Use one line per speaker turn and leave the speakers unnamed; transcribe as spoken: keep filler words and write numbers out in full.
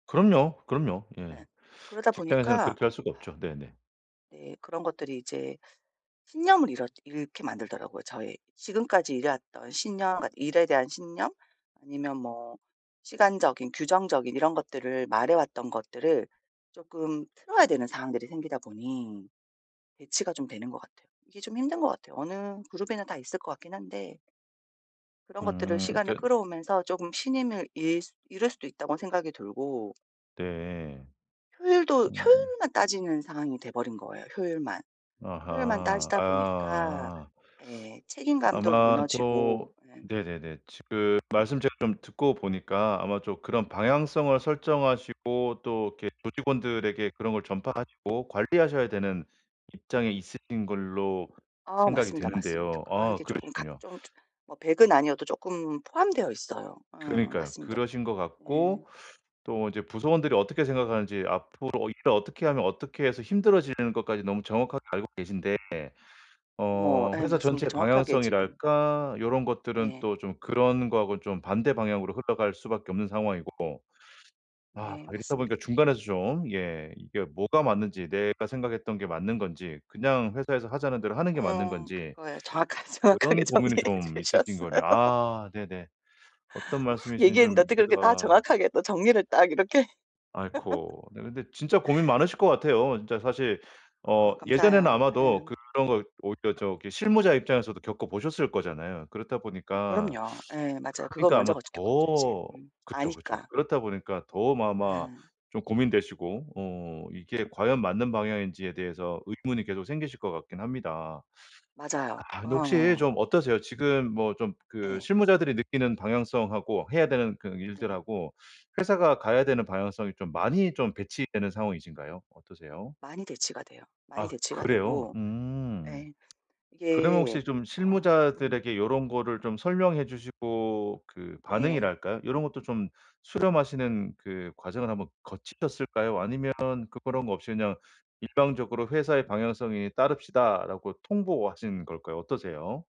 그럼요 그럼요. 예.
네. 그러다
직장에서는
보니까
그렇게 할 수가 없죠. 네네.
네. 그런 것들이 이제 신념을 잃었 잃게 만들더라고요 저의. 지금까지 일해왔던 신념 그러니까 일에 대한 신념 아니면 뭐 시간적인 규정적인 이런 것들을 말해왔던 것들을 쪼끔 틀어야 되는 상황들이 생기다 보니 대치가 좀 되는 것 같아요. 이게 좀 힘든 것 같아요. 어느 그룹이나 다 있을 것 같긴 한데 그런 것들을
음.
시간을
그러니까
끌어오면서 조금 신임을 잃 수 잃을 수도 있다고 생각이 들고
네.
효율도
음.
효율만 따지는 상황이 돼 버린 거예요, 효율만. 효율만
아하.
따지다 보니까
아.
예 책임감도
아마
무너지고
또
예.
네네네. 지금 말씀 제가 좀 듣고 보니까 아마 또 그런 방향성을 설정하시고 또 이렇게 조직원들에게 그런 걸 전파하시고 관리하셔야 되는 입장이 있으신 걸로
아
생각이
맞습니다 맞습니다.
되는데요.
그런
아
게 쪼금 각
그러시군요.
좀 저 뭐 백 은 아니어도 쪼끔 포함되어 있어요. 어
그러니까요.
맞습니다.
그러신 것
예.
같고 또 이제 구성원들이 어떻게 생각하는지 앞으로 일을 어떻게 하면 어떻게 해서 힘들어지는 것까지 너무 정확하게 알고 계신데
뭐
어
예
회사
맞습니다.
전체의
정확하게 지금 음
방향성이랄까 요런 것들은
네.
또 좀 그런 거하고는 좀 반대 방향으로 흘러갈 수밖에 없는 상황이고 아
네
이렇다 보니까
맞습니다.
중간에서 좀 예 이게 뭐가 맞는지 내가 생각했던 게 맞는 건지 그냥 회사에서 하자는 대로 하는 게 맞는
어
건지
그거예요. 정확하게 정확하게
그런 고민이
정리해
좀 있으신
주셨어요.
거네요. 아 네네. 어떤
막
말씀이신지
얘기했는데
좀
어떻게 그렇게 다
이해가
정확하게 또 정리를 딱 이렇게
아이코. 네 근데 진짜 고민 많으실 것 같아요. 진짜 사실 어
아
예전에는
감사해요.
아마도
네.
그런 거 오히려 저기 실무자 입장에서도 겪어 보셨을 거잖아요. 그렇다
뭐
보니까
그럼요. 예 맞아요. 그걸
그니까
먼저
아마
거 저 겪었죠 이제.
더
음.
그쵸. 그쵸.
아니까.
그렇다 보니까 더 아마
예.
좀 고민되시고 어 이게 과연 맞는 방향인지에 대해서 의문이 계속 생기실 것 같긴 합니다.
맞아요.
아 근데 혹시
어.
좀 어떠세요? 지금 뭐 좀 그
예.
실무자들이 느끼는 방향성하고 해야 되는 그
네.
일들하고 회사가 가야 되는 방향성이 좀 많이 좀 대치되는 상황이신가요? 어떠세요?
많이 대치가 돼요. 많이
아
대치가
그래요?
되고
음.
예
그러면
이게
혹시 좀
어 음.
실무자들에게 요런 거를 좀 설명해 주시고 그
네.
반응이랄까요. 요런 것도 좀 수렴하시는 그 과정을 한번 거치셨을까요 아니면 그런 거 없이 그냥 "일방적으로 회사의 방향성에 따릅시다."라고 통보하신 걸까요? 어떠세요?